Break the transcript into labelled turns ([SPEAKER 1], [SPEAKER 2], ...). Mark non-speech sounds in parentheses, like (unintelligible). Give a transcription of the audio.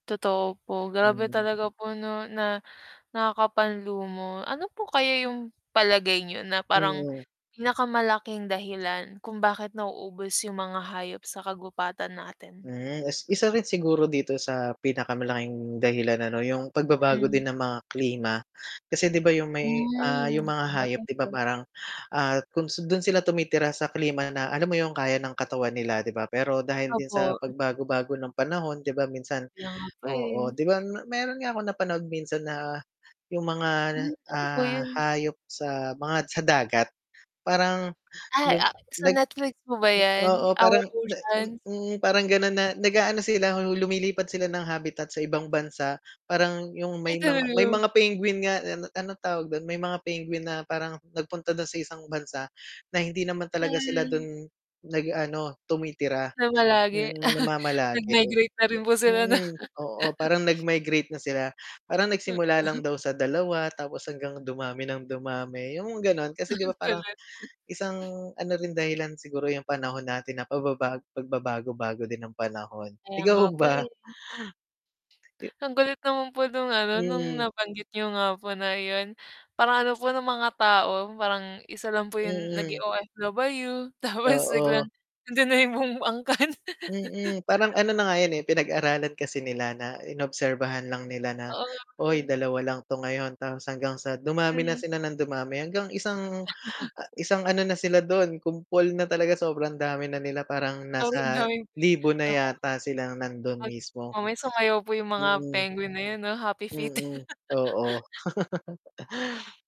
[SPEAKER 1] Totoo po, grabe
[SPEAKER 2] Mhm.
[SPEAKER 1] talaga po na nakakapanlumo. Ano po kaya yung palagay niyo na parang
[SPEAKER 2] Mhm.
[SPEAKER 1] pinakamalaking dahilan kung bakit nauubos yung mga hayop sa kagubatan natin?
[SPEAKER 2] Hmm, is isa rin siguro dito sa pinakamalaking dahilan ano, yung pagbabago
[SPEAKER 1] Mm.
[SPEAKER 2] din ng mga klima. Kasi, 'di ba, yung may, ah,
[SPEAKER 1] Hmm,
[SPEAKER 2] yung mga hayop,
[SPEAKER 1] sabagay
[SPEAKER 2] 'di ba,
[SPEAKER 1] po.
[SPEAKER 2] parang, ah, kung s dun sila tumitira sa klima na alam mo yung kaya ng katawan nila, 'di ba. Pero dahil din sa
[SPEAKER 1] Opo.
[SPEAKER 2] pagbago-bago ng panahon, 'di ba minsan
[SPEAKER 1] Kaya nga po, eh.
[SPEAKER 2] oo, 'di ba m meron nga akong napanood minsan na yung mga,
[SPEAKER 1] Hmm, ano po
[SPEAKER 2] ah,
[SPEAKER 1] yun?
[SPEAKER 2] hayop sa mga sa dagat parang
[SPEAKER 1] Ay,
[SPEAKER 2] nag
[SPEAKER 1] ah sa
[SPEAKER 2] nag
[SPEAKER 1] Netflix po ba 'yan?
[SPEAKER 2] oo
[SPEAKER 1] Our
[SPEAKER 2] parang na
[SPEAKER 1] Ocean?
[SPEAKER 2] mm, parang gano'n na nag-aano sila, lumilipat sila ng habitat sa ibang bansa, parang yung may mga may
[SPEAKER 1] (unintelligible)
[SPEAKER 2] mga penguin nga, an anong tawag dun, may mga penguin na parang nagpunta dun sa isang bansa na hindi naman talaga sila
[SPEAKER 1] Hmm.
[SPEAKER 2] dun nag ano, tumitira,
[SPEAKER 1] Namalagi
[SPEAKER 2] mm,
[SPEAKER 1] (chuckles)
[SPEAKER 2] namamalagi,
[SPEAKER 1] nagmigrate na rin po sila 'no.
[SPEAKER 2] mm, oo,
[SPEAKER 1] (chuckles)
[SPEAKER 2] parang nagmigrate na sila, parang
[SPEAKER 1] M
[SPEAKER 2] nagsimula lang
[SPEAKER 1] (coughs)
[SPEAKER 2] daw sa 2, tapos hanggang dumami ng dumami yung gano'n. Kasi, 'di ba,
[SPEAKER 1] (chuckles)
[SPEAKER 2] parang,
[SPEAKER 1] Kulit.
[SPEAKER 2] isang ano rin dahilan siguro yung panahon natin na pababago pagbabago-bago din ng panahon,
[SPEAKER 1] Kaya nga
[SPEAKER 2] ikaw
[SPEAKER 1] po,
[SPEAKER 2] ba?
[SPEAKER 1] eh.
[SPEAKER 2] Eh
[SPEAKER 1] Ang kulit naman po nung ano, nung
[SPEAKER 2] Mhm.
[SPEAKER 1] nabanggit niyo nga po na yun, parang ano po no mga tao, parang isa lang po yung naging
[SPEAKER 2] Mm.
[SPEAKER 1] OFW, tapos (chuckles)
[SPEAKER 2] Oo.
[SPEAKER 1] biglang nandiyan na yung buong angkan. (chuckles)
[SPEAKER 2] Mm, parang ano na nga yun, eh, pinag-aralan kasi nila na in-obserbahan lang nila na,
[SPEAKER 1] Oo nga po,
[SPEAKER 2] "Uy
[SPEAKER 1] eh.
[SPEAKER 2] 2 lang 'to ngayon," tapos hanggang sa dumami na
[SPEAKER 1] Mhm.
[SPEAKER 2] sila ng dumami hanggang isang, ah
[SPEAKER 1] (chuckles)
[SPEAKER 2] isang ano na sila dun kumpol na talaga sobrang dami na nila parang
[SPEAKER 1] Tapos
[SPEAKER 2] nasa
[SPEAKER 1] andaming
[SPEAKER 2] libo na
[SPEAKER 1] naku.
[SPEAKER 2] yata silang nandun
[SPEAKER 1] Pag
[SPEAKER 2] mismo.
[SPEAKER 1] mamaya sumayaw po yung mga
[SPEAKER 2] Mm.
[SPEAKER 1] penguin na yun 'no, happy feet.
[SPEAKER 2] Mm, oo.
[SPEAKER 1] (chuckles)
[SPEAKER 2] (chuckles)